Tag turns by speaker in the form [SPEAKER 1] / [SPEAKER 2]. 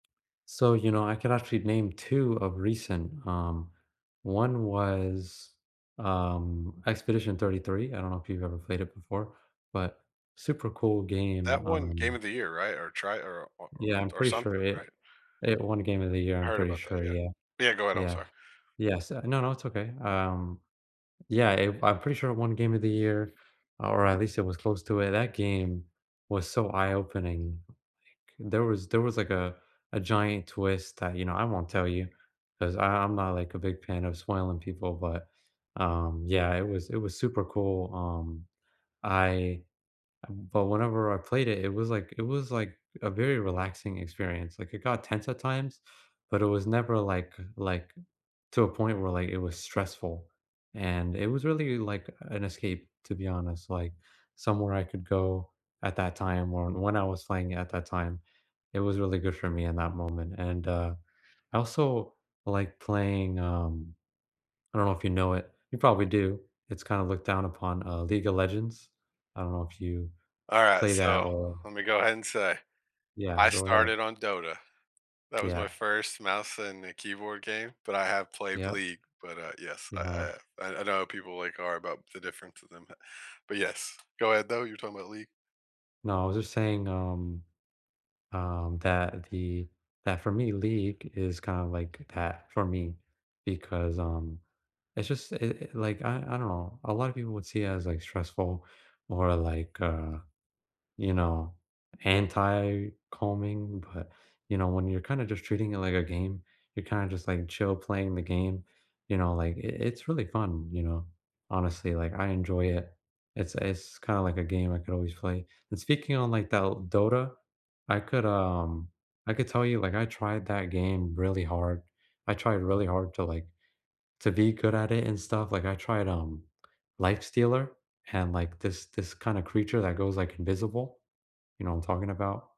[SPEAKER 1] So, you know, I can actually name 2 of recent. Um, one was, um, Expedition 33, I don't know if you've ever played it before, but super cool game,
[SPEAKER 2] That won Game
[SPEAKER 1] um
[SPEAKER 2] of the Year, right? Or try or or or
[SPEAKER 1] Yeah, I'm
[SPEAKER 2] or
[SPEAKER 1] pretty sure
[SPEAKER 2] something,
[SPEAKER 1] it
[SPEAKER 2] right?
[SPEAKER 1] It won Game of the Year,
[SPEAKER 2] I
[SPEAKER 1] I'm
[SPEAKER 2] heard
[SPEAKER 1] pretty
[SPEAKER 2] about that,
[SPEAKER 1] sure, yeah.
[SPEAKER 2] yeah. Yeah, go ahead, I'm
[SPEAKER 1] Yeah.
[SPEAKER 2] sorry.
[SPEAKER 1] Yes uh, no, no, it's okay. Um, yeah if I'm pretty sure won Game of the Year, or at least it was close to it. That game was so eye-opening, like, there was there was, like, a a giant twist that, you know I won't tell you, 'cause I I'm not, like, a big fan of spoiling people but, um, yeah, it was it was super cool. Um, I but whenever I played it, it was like it was like a very relaxing experience. Like, it got tense at times, but it was never, like uh, like, to a point where, like, it was stressful, and it was really like an escape, to be honest, like, somewhere I could go at that time, or when I was playing at that time. It was really good for me in that moment and, uh, I also like playing, um I don't know if you know it, you probably do. It's kinda looked down upon, uh, League of Legends? I don't know if you
[SPEAKER 2] Alright,
[SPEAKER 1] play
[SPEAKER 2] so,
[SPEAKER 1] that or
[SPEAKER 2] let me go ahead and say
[SPEAKER 1] Yeah.
[SPEAKER 2] I
[SPEAKER 1] Go ahead.
[SPEAKER 2] started on Dota. That was my
[SPEAKER 1] Yeah.
[SPEAKER 2] first mouse and, uh, keyboard game, but I have played
[SPEAKER 1] Yep.
[SPEAKER 2] League, but, uh yes,
[SPEAKER 1] You have.
[SPEAKER 2] I I I I know how people like are about the difference to them that but yes, go ahead, though. You're talking about League.
[SPEAKER 1] No, I was just saying, um, um, that the that for me, League is kinda like a path for me, because, um, it's just i it, like I I don't know. A lotta people would see it as, like, stressful or, like, uh, you know, anti-calming, but, you know, when you're kinda just treating it like a game, you're kinda just, like, chill playing the game, you know, like, i it's really fun, you know? Honestly, like, I enjoy it. It's it's kinda like a game I could always play, and speaking on, like, Dol Dota, I could, um, I could tell you, like, I tried that game really hard. I tried really hard to, like to be good at it and stuff, like, I tried, um, Lifestealer, and, like, this this kinda creature that goes, like, invisible, you know what I'm talking about?